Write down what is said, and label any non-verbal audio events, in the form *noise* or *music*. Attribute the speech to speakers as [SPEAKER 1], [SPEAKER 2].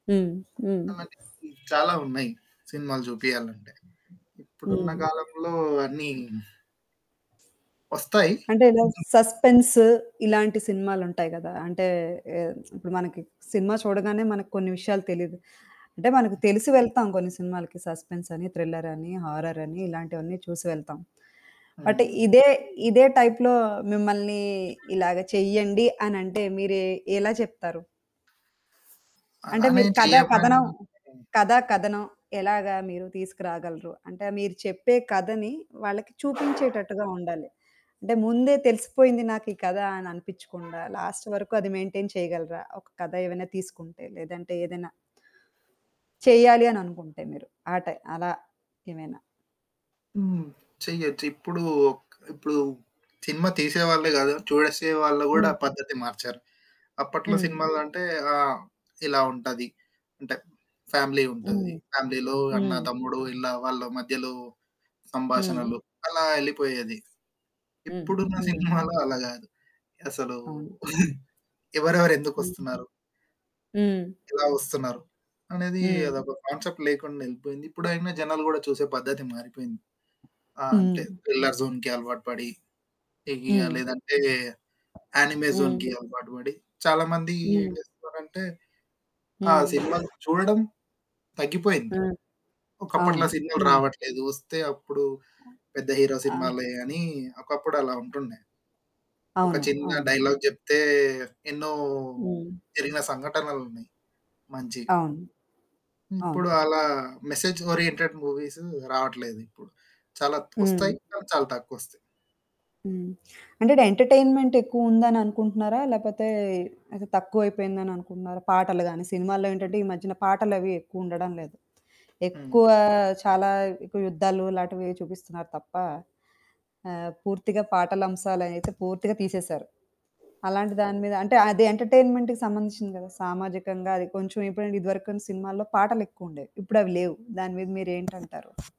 [SPEAKER 1] హ్మ్. హ్మ్.
[SPEAKER 2] చాలా మటికి చాలా ఉన్నాయి. సినిమాలు చూపియాలంటే. ఇప్పుడున్న
[SPEAKER 1] హ్మ్.
[SPEAKER 2] కాలంలో అన్నీ వస్తాయి.
[SPEAKER 1] అంటే ఇలా సస్పెన్స్ ఇలాంటి సినిమాలుంటాయి కదా! అంటే ఆహ్, ఇప్పుడు మనకి సినిమా చూడగానే మనకు కొన్ని విషయాలు తెలీదు. అంటే మనకు తెలిసి వెళ్తాం కొన్ని సినిమాలకి సస్పెన్సని, థ్రిల్లరని, హారరని, ఇలాంటివన్నీ చూసి వెళ్తాం. బట్
[SPEAKER 2] హ్మ్.
[SPEAKER 1] ఇదే ఇదే టైప్‌లో మిమ్మల్ని ఇలాగ చెయ్యండి అనంటే మీరు ఎ ఎలా చెప్తారు? అంటే
[SPEAKER 2] అలానే
[SPEAKER 1] మీరు కథా,
[SPEAKER 2] చెయ్యమ్మని
[SPEAKER 1] కథనం
[SPEAKER 2] హ్మ్.
[SPEAKER 1] కథా, కథనం ఎలాగా మీరు తీసుకురాగలరు? అంటే మీరు చెప్పే కథని వాళ్ళకి చూపించేటట్టుగా ఉండాలి. అంటే ముందే తెలిసిపోయింది నాకు ఈ కథ అని అనిపిచ్చకుండా, లాస్ట్ వరకు అది మెయిన్‌టైన్ చేయగలరా? ఒక కథ ఏమైనా తీసుకుంటే, లేదంటే ఏదైనా... చెయ్యాలి అని అనుకుంటే మీరు. ఆటై అలా ఏమేనాా?
[SPEAKER 2] హ్మ్. చెయ్యొచ్చు. ఇప్పుడు, ఒక్ ఇప్పుడు సినిమా తీసేవాళ్ళే కాదు. చూడసే వాళ్ళు కూడా
[SPEAKER 1] హ్మ్.
[SPEAKER 2] పద్ధతి మార్చారు. అప్పట్లో
[SPEAKER 1] హ్మ్.
[SPEAKER 2] సినిమాలంటే ఆహ్, ఇలా ఉంటది. అంటే ఫ్యామిలీ ఉంటది.
[SPEAKER 1] హ్మ్.
[SPEAKER 2] ఫ్యామిలీలో అన్న,
[SPEAKER 1] హ్మ్.
[SPEAKER 2] తమ్ముడు ఇలా వాళ్ళ మధ్యలో
[SPEAKER 1] హ్మ్.
[SPEAKER 2] సంభాషణలు అలా యెళ్లిపోయేది.
[SPEAKER 1] హ్మ్.
[SPEAKER 2] ఇప్పుడున్న
[SPEAKER 1] హ్మ్.
[SPEAKER 2] సినిమాలో అలా కాదు. అసలు
[SPEAKER 1] అవును.
[SPEAKER 2] *giggles* ఎవరెవరు
[SPEAKER 1] హ్మ్.
[SPEAKER 2] ఎందుకొస్తున్నారు?
[SPEAKER 1] హ్మ్.
[SPEAKER 2] ఎలా వస్తున్నారు అనేది
[SPEAKER 1] హ్మ్.
[SPEAKER 2] అదొక కాన్సెప్ట్ లేకుండా వెళ్లిపోయింది. ఇప్పుడైనా జనాలు కూడా చూసే పద్ధతి మారిపోయింది. ఆ! అంటే
[SPEAKER 1] హ్మ్.
[SPEAKER 2] థ్రిల్లర్ జోన్‌కి అలవాటు పడి, హెవిగా
[SPEAKER 1] హ్మ్.
[SPEAKER 2] లేదంటే యానిమే
[SPEAKER 1] హ్మ్.
[SPEAKER 2] జోన్‌కి అలవాటు పడి చాలామంది
[SPEAKER 1] హ్మ్.
[SPEAKER 2] ఏం చేస్తున్నారంటే ఆ!
[SPEAKER 1] హ్మ్.
[SPEAKER 2] సినిమా చూడడం తగ్గిపోయింది.
[SPEAKER 1] ఆ!
[SPEAKER 2] ఒకప్పట్లా
[SPEAKER 1] అవును.
[SPEAKER 2] సినిమాలు
[SPEAKER 1] హ్మ్.
[SPEAKER 2] రావట్లేదు. వస్తే అప్పుడు పెద్ద హీరో
[SPEAKER 1] ఆ!
[SPEAKER 2] సినిమాలే అని ఒకప్పుడలా ఉంటుండే. ఒక
[SPEAKER 1] అవును.
[SPEAKER 2] చిన్న
[SPEAKER 1] అవును. హ్మ్.
[SPEAKER 2] డైలాగ్ చెప్తే ఎన్నో
[SPEAKER 1] హ్మ్.
[SPEAKER 2] జరిగిన సంఘటనలున్నాయి మంచివి.
[SPEAKER 1] అవును. అవును.
[SPEAKER 2] ఇప్పుడు అలా మెసేజ్ ఓరియెంటెడ్ మూవీస్ రావట్లేదు ఇప్పుడు చాలా త్
[SPEAKER 1] హ్మ్.
[SPEAKER 2] వస్తాయి కాని చాలా తక్కువొస్తాయి.
[SPEAKER 1] హ్మ్. అంటే ఎంటర్‌టై‌న్‌మెంట్ ఎక్కువుందని అనుకుంటున్నారా? లేకపోతే అయితే తక్కువైపోయిందని అనుకుంటున్నారా? పాటలు గాని, సినిమాల్లో ఏంటంటే ఈ మధ్యన పాటలవి ఎక్కువుండడం లేదు.
[SPEAKER 2] హ్మ్.
[SPEAKER 1] ఎక్కువ, చాలా ఎక్కువ యుద్ధాలులాటివి చూపిస్తున్నారు తప్ప, ఆహ్, పూర్తిగా పాటల అంశాలైతే పూర్తిగా తీసేశారు. అలాంటి దాని మీద అంటే అది ఎంటర్‌టై‌న్‌మెంట్‌కి సంబంధించింది కదా! సామాజికంగా అది కొంచెం ఇప్పుడంటే ఇదివరకును సినిమాల్లో పాటలెక్కువుండేవి. ఇప్పుడవి లేవు. దాని మీద మీరేంటంటారు?